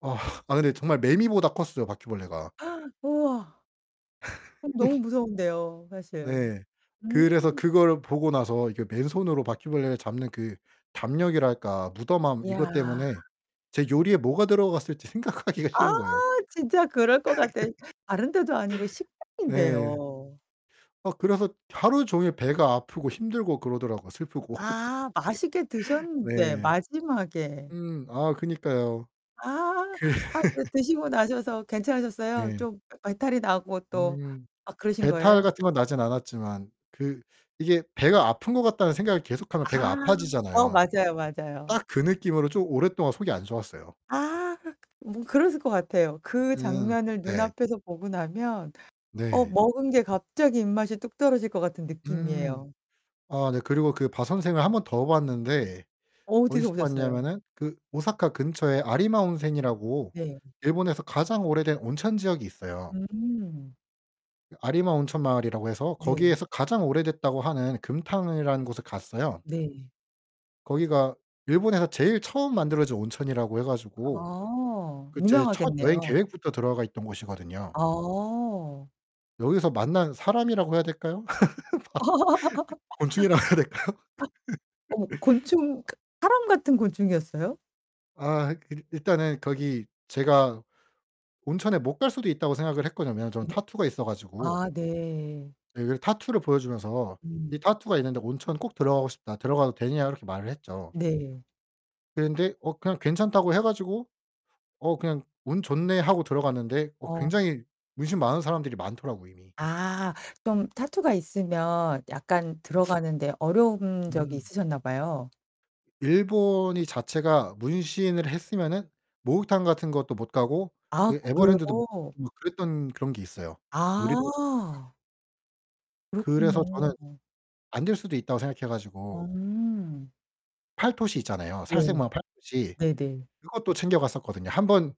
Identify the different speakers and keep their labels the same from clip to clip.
Speaker 1: 아. 아 근데 정말 매미보다 컸어요, 바퀴벌레가.
Speaker 2: 우와. 아 너무 무서운데요, 사실.
Speaker 1: 네. 그래서
Speaker 2: 음.
Speaker 1: 그걸 보고 나서 이렇게 맨손으로 바퀴벌레를 잡는 그 담력이랄까? 무덤함
Speaker 2: 이야.
Speaker 1: 이것 때문에 제 요리에 뭐가 들어갔을지 생각하기가
Speaker 2: 아
Speaker 1: 싫은 거예요.
Speaker 2: 진짜 그럴 거 같아. 다른 데도 아니고
Speaker 1: 네.
Speaker 2: 식당인데요.
Speaker 1: 어. 그래서 하루 종일 배가 아프고 힘들고 그러더라고요. 슬프고.
Speaker 2: 아. 맛있게 드셨는데
Speaker 1: 네.
Speaker 2: 마지막에.
Speaker 1: 음. 아 그니까요.
Speaker 2: 아.
Speaker 1: 그
Speaker 2: 아. 그 드시고 나셔서 괜찮으셨어요?
Speaker 1: 네.
Speaker 2: 좀 배탈이 나고 또
Speaker 1: 음
Speaker 2: 아 그러신
Speaker 1: 배탈
Speaker 2: 거예요?
Speaker 1: 같은 건 나진 않았지만 그 이게 배가 아픈 것 같다는 생각을 계속하면 배가
Speaker 2: 아. 어
Speaker 1: 아파지잖아요.
Speaker 2: 맞아요, 맞아요.
Speaker 1: 딱 그 느낌으로 좀 오랫동안 속이 안 좋았어요.
Speaker 2: 아 뭐 그랬을 것 같아요. 그
Speaker 1: 음.
Speaker 2: 장면을 눈
Speaker 1: 네.
Speaker 2: 앞에서 보고 나면 어
Speaker 1: 네.
Speaker 2: 먹은 게 갑자기 입맛이 뚝 떨어질 것 같은
Speaker 1: 음.
Speaker 2: 느낌이에요.
Speaker 1: 아. 네. 그리고 그 바선생을 1 번 더 봤는데
Speaker 2: 어디서
Speaker 1: 어디서
Speaker 2: 보셨어요?
Speaker 1: 봤냐면은 그 오사카 근처에 아리마 온생이라고
Speaker 2: 네.
Speaker 1: 일본에서 가장 오래된 온천 지역이 있어요.
Speaker 2: 음.
Speaker 1: 아리마 온천마을이라고 해서
Speaker 2: 네.
Speaker 1: 거기에서 "가장 오래됐다."고 하는 금탕이라는 곳을 갔어요.
Speaker 2: 네.
Speaker 1: 거기가 일본에서 제일 처음 만들어진 온천이라고 해 가지고
Speaker 2: 아
Speaker 1: 그 제 첫 여행
Speaker 2: 유명하겠네요.
Speaker 1: 계획부터 들어가 있던 곳이거든요.
Speaker 2: 어.
Speaker 1: 여기서 만난 사람이라고 해야 될까요? 바 곤충이라고 해야 될까요?
Speaker 2: 어머 곤충 그러니까 사람 같은 곤충이었어요?
Speaker 1: 아 일 일단은 거기 제가 온천에 못 갈 수도 있다고 생각을 했거든요, 저는
Speaker 2: 네.
Speaker 1: 타투가 있어 가지고.
Speaker 2: 아 네.
Speaker 1: 예. 그래서 타투를 보여 주면서 이
Speaker 2: 음.
Speaker 1: "타투가 있는데 온천 꼭 들어가고 싶다. 들어가도 되냐?" 이렇게 말을 했죠.
Speaker 2: 네.
Speaker 1: 그랬는데 어 그냥 "괜찮다."고 해 가지고 어 그냥 '운 좋네.' 하고 들어 갔는데 어
Speaker 2: 어.
Speaker 1: 굉장히 문신 많은 사람들이 많더라고요, 이미.
Speaker 2: 아 좀 타투가 있으면 약간 들어가는 데 어려운 적이
Speaker 1: 음.
Speaker 2: 있으셨나 봐요.
Speaker 1: 일본이 자체가 문신을 했으면은 목욕탕 같은 것도 못 가고
Speaker 2: 아
Speaker 1: 그
Speaker 2: 그래요?
Speaker 1: 에버랜드도 못 뭐 그랬던 그런 게 있어요. 놀이동산 같
Speaker 2: 아.
Speaker 1: 그래서 저는
Speaker 2: 그렇군요.
Speaker 1: 안 될 수도 있다고 생각해 가지고
Speaker 2: 음.
Speaker 1: 팔토시 있잖아요,
Speaker 2: 네.
Speaker 1: 살색마 팔토시.
Speaker 2: 네네.
Speaker 1: 그것도 챙겨갔었거든요. 한번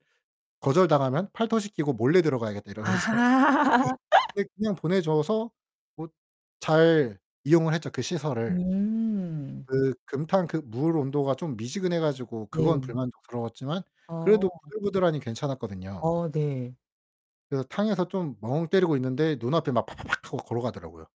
Speaker 1: 거절 당하면 '팔토시 끼고 몰래 들어가야겠다.' 이러면서 어
Speaker 2: 아하.
Speaker 1: 네. 근데 그냥 보내 줘서 뭐 잘 이용을 했죠, 그 시설을.
Speaker 2: 음.
Speaker 1: 그 금탕 그 물 온도가 좀 미지근해 가지고 그건
Speaker 2: 네.
Speaker 1: 불만족스러웠지만 그래도
Speaker 2: 어.
Speaker 1: 부들부들하니 괜찮았거든요.
Speaker 2: 어 네.
Speaker 1: 그래서 탕에서 좀 멍 때리고 있는데 눈앞에 막 파파팍 하고 걸어가더라고요.